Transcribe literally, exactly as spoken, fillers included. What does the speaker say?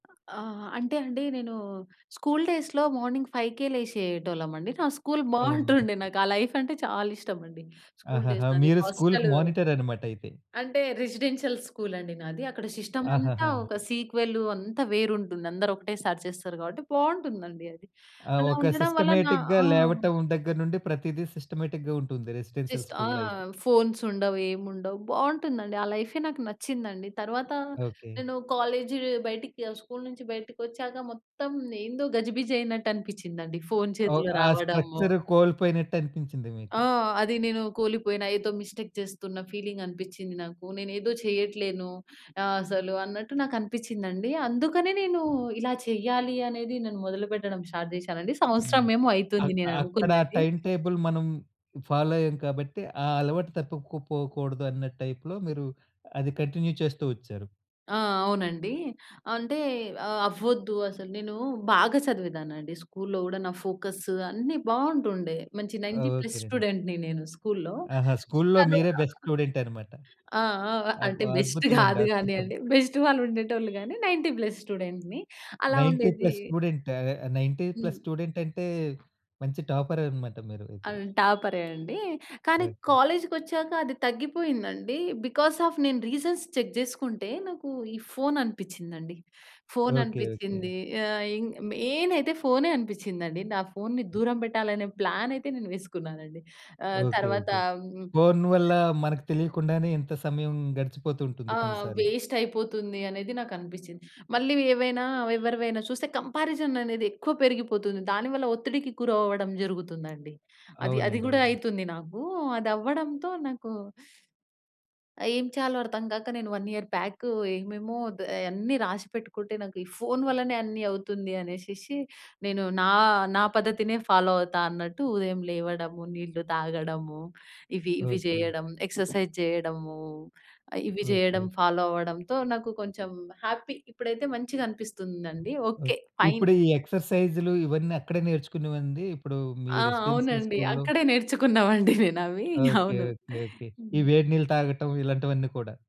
ఆ! అంటే అండి. నేను స్కూల్ డేస్‌లో మార్నింగ్ ఫైవ్‌కే లేషేటోళ్ళం అండి. నా స్కూల్ అవునండి. బావుంటుండే. నాకు ఆ లైఫ్ అంటే చాలా ఇష్టమండి. స్కూల్ డేస్ ఆహాహా! నాది మీరు స్కూల్‌కి హాస్టలు మానిటర్ అన్నమాటయితే. అంటే రెసిడెన్షియల్ స్కూల్ అండి నాది. అక్కడ సిస్టమంతా ఆహాహా! ఒక సీక్వెలు అంతా వేరుంటుంది. అందరూ ఒకటేసారి చేస్తారు కాబట్టి బావుంటుందండి అది. ఆ! అలా ఒక ఉండడం వల్ల నా ఆ! సిస్టమేటిక్‌‌గా లేవటం దగ్గర నుండి ప్రతీదీ సిస్టమేటిక్‌‌గా ఉంటుంది రెసిడెన్షియల్ జస్ట్ ఆ! స్కూల్‌లో అయితే. ఫోన్స్ ఉండవు. ఏమి ఉండవు. బావుంటుందండి. ఆ లైఫే నాకు నచ్చిందండి. తర్వాత ఓకే. నేను కాలేజ్ బయటికి స్కూల్ నుంచి బయటికొచ్చాక మొత్తం ఏందో గజిబిజి అయినట్టు అనిపించ్చిందండి. ఫోన్ అవ్ చేతిలో ఆ! రావడము. స్ట్రక్చర్ కోల్పోయినట్టు అనిపించింది ఆ! మీకు. అది నేను కోలిపోయిన ఏదో మిస్టేక్ చేస్తున్న ఫీలింగ్ అనిపించ్చింది నాకు. నేనేదో చెయ్యట్లేను. ఆహ్, అసలు అన్నట్టు నాకు అనిపించిందండి. అందుకనే నేను ఇలా చెయ్యాలి అనేది నేను మొదలుపెట్టడం స్టార్ట్ జేశానండి. హ్మ్. సంవత్సరం ఏమో అ అయితుంది అక్కడ నేననుకున్నది టైమ్ టేబుల్ మనం ఫాలో అయ్యాము కాబట్టి ఆ అలవాటు తప్పుకు పోకూడదు అన్న టైప్‌లో మీరు అది కంటిన్యూ చేస్తూ ఒచ్చారు. ఆ! అవునండి. అంటే అవ్వొద్దు అసలు నేను బాగా చదివేదాన్నండి. స్కూల్‌లో గూడా నా ఫోకస్ అన్ని బావుంటుండే. మంచి ఆ! నైన్టీ ప్లస్ ఓకేనండి. స్టూడెంట్‌ని నేను స్కూల్‌లో. ఆహా! స్కూల్లో మీరే బెస్ట్ స్టూడెంట్ అన్నమాట. [unintelligible] ఆ! ఆ! అబ్ అంటే బెస్ట్ అద్భుతమండి. కాదు అద్భుతం. కానియండి. బెస్ట్ వాళ్ళు ఉండేటోళ్ళు గాని నైన్టీ ప్లస్ స్టూడెంట్స్‌ని అలా నైన్టీ ఉండేది ప్లస్ స్టూడెంటా? నైన్టీ ప్లస్ హ్మ్. స్టూడెంటంటే మంచి టాపరే అన్నమాట మీరు అయితే. అన్ టాపరే అండి. కానీ ఓకే. కాలేజ్‌కొచ్చాక అది తగ్గిపోయిందండి. బికాజ్ ఆఫ్ నేను రీజన్స్ చెక్ జేసుకుంటే నాకు ఈ ఫోన్ అనిపించ్చిందండి. Phone okay. ఓకే. అనిపించింది. ఆహ్, ఇ ఇన్ మెయిన్ అయితే ఫోనే అనిపించ్చిందండి. నా ఫోన్‌ని దూరం పెట్టాలనే ప్లాన్ అయితే నేను వేసుకున్నానండి. ఆహ్, ఓకే. తర్వాత ఓకే. హ్మ్ ఫోన్ వల్ల మనకు తెలియకుండానే ఇంత సమయం గడిచిపోతూ ఉంటుంది ఆ! కొన్నిసార్లు. వేస్ట్ అయిపోతుంది అనేది నాకు అనిపించింది. మళ్ళీ ఏవైనా ఎవరివైనా చూస్తే కంపారిజన్ అనేది ఎక్కువ పెరిగిపోతుంది. దానివల్ల ఒత్తిడికి గురవ్వడం జరుగుతుందండి. అది అది అవునండి. గూడా అవును. అయితుంది నాకు. అదవ్వడంతో నాకు ఏం చేయాలో అర్థం కాక నేను వన్ ఇయర్ బ్యాక్ ఏమేమో ఆహ్, అయన్నీ రాసి పెట్టుకుంటే నాకు ఈ ఫోన్ వల్లనే అన్నీ అవుతుంది అనేషేసి నేను నా నా పద్ధతినే ఫాలో అవుతా అన్నట్టు ఉదయం లేవడము, నీళ్లు తాగడము ఇవి ఇవి ఓకే. జేయడం ఎక్సర్‌సైజ్ జేయడము, ఇవి జేయడం ఓకే. ఫాలో అవ్వడంతో నాకు కొంచెం హ్యాపీ. ఇప్పుడైతే మంచిగా అనిపిస్తుందండి. ఓకే. ఓకే. ఫైన్. ఇప్పుడు ఈ ఎక్సర్‌సైజ్ ఇవన్నీ అక్కడే నేర్చుకునేవండి ఇప్పుడు మీ ఆ! రెసిడెన్షియల్ అవునండి. స్కూల్‌లో? అక్కడే నేర్చుకున్నామండి నేనవి. ఓకే. అవును. ఓకే. ఓకే. ఈ హ్మ్. వేడి నీళ్ళు తాగటం ఇలాంటివన్నీ కూడా?